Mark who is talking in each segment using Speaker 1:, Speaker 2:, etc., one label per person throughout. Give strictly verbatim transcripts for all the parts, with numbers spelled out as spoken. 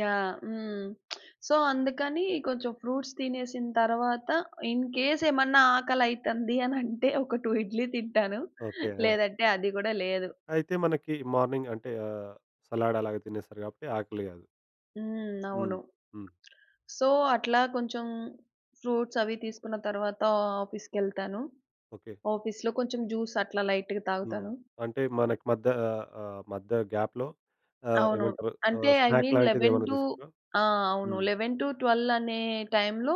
Speaker 1: Yeah. హ్మ్. So, అందుకని కొంచెం ఫ్రూట్స్ తినేసిన తరువాత, ఇన్‌కేస్ ఏమన్నా ఆకలి అయితంది అని అంటే, ఒక టూ ఇడ్లీ తింటాను.
Speaker 2: ఓకే. ఆ!
Speaker 1: లేదంటే, అది కూడా లేదు.
Speaker 2: అయితే మనకి మార్నింగ్ అంటే, ఆహ్, సలాడ్ అలాగా తినేస్తారు కాబట్టి ఆకలి కాదు.
Speaker 1: హ్మ్.
Speaker 2: హ్మ్.
Speaker 1: అవును.
Speaker 2: హ్మ్.
Speaker 1: సో, అట్లా కొంచెం ఫ్రూట్స్ అవి తీసుకున్న తరువాత ఆఫీస్‌కెళ్తాను.
Speaker 2: ఓకే.
Speaker 1: ఆఫీస్‌లో కొంచెం జ్యూస్ అట్లా లైట్‌గా
Speaker 2: హ్మ్.
Speaker 1: తాగుతాను.
Speaker 2: అంటే మనకి మధ్య ఆహ్, ఆహ్, మధ్య గ్యాప్‌లో ఆహ్,
Speaker 1: అవును.
Speaker 2: ఏమంటారు
Speaker 1: అంటే
Speaker 2: ఆహ్,
Speaker 1: ఐ
Speaker 2: స్నాక్
Speaker 1: మీన్ లెవెన్
Speaker 2: లాంటిదేమైనా
Speaker 1: టు
Speaker 2: తీసుకుంటారా?
Speaker 1: ఆ! అవును.
Speaker 2: హ్మ్.
Speaker 1: లెవెన్ టు ట్వెల్వ్ అనే టైమ్‌లో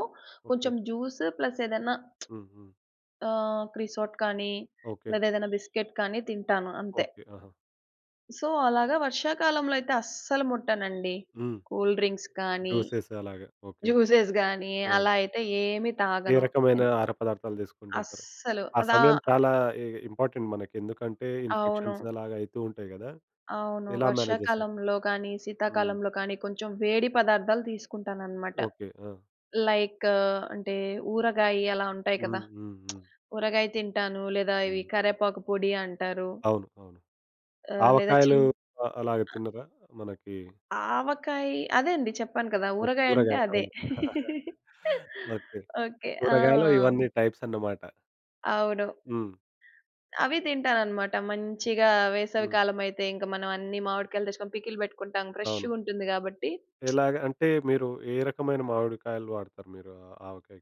Speaker 2: ఓకే.
Speaker 1: కొంచెం జ్యూస్ ప్లస్ ఏదన్నా
Speaker 2: హ్మ్. హ్మ్.
Speaker 1: ఆహ్, క్రిసోట్ కానీ,
Speaker 2: ఓకే.
Speaker 1: లేదా ఏదన్న బిస్కెట్ కానీ తింటాను అంతే.
Speaker 2: ఓకే. ఆహా!
Speaker 1: సో, అలాగా వర్షాకాలంలో అయితే అస్సలు ముట్టనండి.
Speaker 2: హ్మ్.
Speaker 1: కూల్ డ్రింక్స్ కానీ,
Speaker 2: దోసేసేలాగా. ఓకే.
Speaker 1: జ్యూసెస్ గాని,
Speaker 2: ఆ!
Speaker 1: అలా అయితే ఏమి
Speaker 2: ఏ
Speaker 1: తాగను.
Speaker 2: రకమైన
Speaker 1: ఎంద్
Speaker 2: ఆహార పదార్థాలు తీసుకుంటూ ఉంటారు?
Speaker 1: అస్సలు.
Speaker 2: ఆ
Speaker 1: అదా
Speaker 2: సమయం చాలా ఇ ఇ ఇంపార్టెంట్ మనకి. ఎందుకంటే ఇన్‌ఫెక్షన్స్
Speaker 1: అవును.
Speaker 2: అలాగా అయితూ ఉంటాయి కదా!
Speaker 1: అవును.
Speaker 2: ఎలా మేనేజ్ చేస్తారు?
Speaker 1: వర్షాకాలంలో కానీ,
Speaker 2: హ్మ్.
Speaker 1: శీతాకాలంలో కానీ, కొంచెం వేడి పదార్థాలు తీసుకుంటాననమాట.
Speaker 2: ఓకే. ఆ!
Speaker 1: లైక్ అంటే ఊరగాయి అలా ఉంటాయి కదా!
Speaker 2: హుహుహు.
Speaker 1: ఊరగాయ తింటాను. లేదా ఇవి
Speaker 2: హ్మ్.
Speaker 1: కరివేపాకు పొడి అంటారు
Speaker 2: అవును. అవును.
Speaker 1: ఆహ్, లేదా
Speaker 2: ఆవకాయలు
Speaker 1: చిన్
Speaker 2: ఆహ్, అలాగా
Speaker 1: ఆ
Speaker 2: తినరా? మనకి
Speaker 1: ఆవకాయి, అదే అండి చెప్పాను కదా!
Speaker 2: ఓహ్!
Speaker 1: ఊరగాయ అంటే
Speaker 2: కూరగాయ.
Speaker 1: అదే.
Speaker 2: అవును. ఓకే.
Speaker 1: ఓకే. ఆ!
Speaker 2: కూరగాయలో ఇవన్నీ టైప్స్ అనమాట.
Speaker 1: అవును.
Speaker 2: హ్మ్.
Speaker 1: అవి తింటానన్నమాట. మంచిగా వేసవి
Speaker 2: హ్మ్.
Speaker 1: కాలం అయితే, ఇంకా మనం అన్ని మామిడికాయలు తెచ్చుకొని పికిల్ పెట్టుకుంటాం. ఫ్రెష్‌
Speaker 2: అవును.
Speaker 1: గుంటుంది కాబట్టి
Speaker 2: ఎలాగా అంటే, మీరు ఏ రకమైన మామిడికాయలు వాడుతారు మీరు ఆ ఆవకాయకి?